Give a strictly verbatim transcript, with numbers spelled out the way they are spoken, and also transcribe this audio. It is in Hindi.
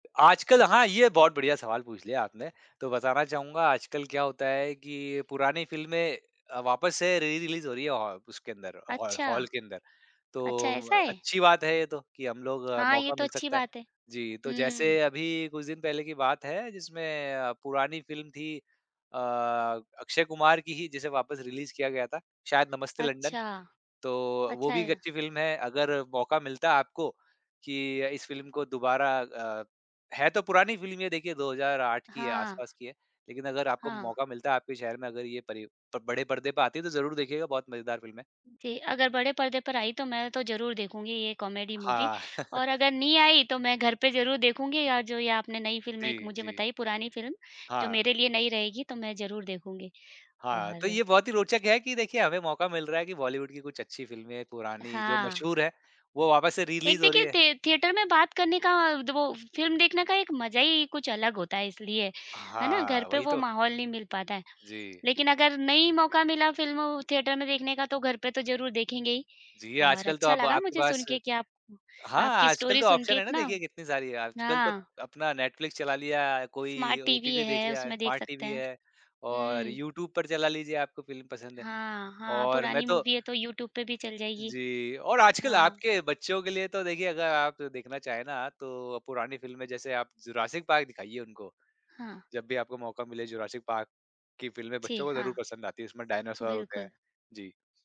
आजकल हाँ, ये बहुत बढ़िया सवाल पूछ लिया आपने। तो बताना चाहूँगा, आजकल क्या होता है कि पुरानी फ़िल्में अ, वापस से री-रिलीज़ हो रही हैं, औ उसके अंदर, हॉर अच्छा। हॉल के अंदर। तो अच्छा, ऐसा है? अच्छी बात है ये तो, कि हम लोग हाँ, ये मौका तो मिल अच्छी सकता है। बात है। जी। तो हुँ। जैसे अभी कुछ दिन पहले की बात है, जिसमें अ, पुरानी फ़िल्म थी अ, अक्षय कुमार की ही, जिसे वापस रिलीज़ किया गया था, शायद नमस्ते लंडन। अच्छा। तो वो अच्छा भी एक है। अच्छी फ़िल्म है। अगर मौका मिलता आपको कि इस फ़िल्म को दोबारा अ, है तो पुरानी फ़िल्म ये, देखिए, दो हज़ार आठ की है, हाँ। आसपास की है। लेकिन अगर आपको हाँ। मौका मिलता, आपके शहर में अगर ये परि प बड़े पर्दे पे आती है, तो ज़रूर देखिएगा, बहुत मज़ेदार फ़िल्म है। जी, अगर बड़े पर्दे पर आई, तो मैं तो ज़रूर देखूँगी ये कॉमेडी मूवी, हाँ। और अगर नहीं आई, तो मैं घर पे ज़रूर देखूँगी, या जो ये आपने नई फ़िल्म एक जी, मुझे जी। बताई, पुरानी फ़िल्म, जो हाँ। मेरे लिए नई रहेगी, तो मैं ज़रूर देखूँगी। हाँ, तो और ये बहुत ही रोचक है कि देखिए, हमें मौका मिल रहा है कि बॉलीवुड की कुछ अच्छी फ़िल्में, पुरानी, जो हाँ। मशहूर हैं, वो वापस से एक री-रिलीज़ हो रही देखिए, हैं। थिए थिएटर में बात करने का द वो फ़िल्म देखने का एक मज़ा ही कुछ अलग होता है, इसलिए। है ना? घर हाँ, पे वही वो तो। माहौल नहीं मिल पाता है। जी। लेकिन अगर नहीं मौका मिला फ़िल्म थिएटर में देखने का, तो घर पे तो ज़रूर देखेंगे ही। जी, और आजकल तो अच्छा अब लगा आपके मुझे पास सुनके कि आप हाँ, आपकी आजकल स्टोरी तो सुनके ऑप्शन है ना, इतना देखिए, कितने सारी हैं। आजकल तो हाँ। अपना नेटफ्लिक्स चला लिया, कोई स्मार्ट टीवी ओटीटी देख है, लिया, उसमें देख स्मार्ट सकते टीवी हैं। है, और हुँ। यूट्यूब पर चला लीजिए, आपको फ़िल्म पसंद है। हाँ, हाँ, और मैं पुरानी तो मूवी है, तो यूट्यूब पे भी चल जाएगी। जी, और आजकल हाँ। आपके बच्चों के लिए तो, देखिए, अगर आप देखना चाहें ना, तो पुरानी फ़िल्में, जैसे आप जुरासिक पार्क दिखाइए उनको, हाँ। जब भी आपको मौका मिले। "जुरासिक पार्क" की फ़िल्में जी, बच्चों को हाँ। ज़रूर पसंद आती हैं, जिसमें डायनासोर होते हैं। बिल्कुल। जी।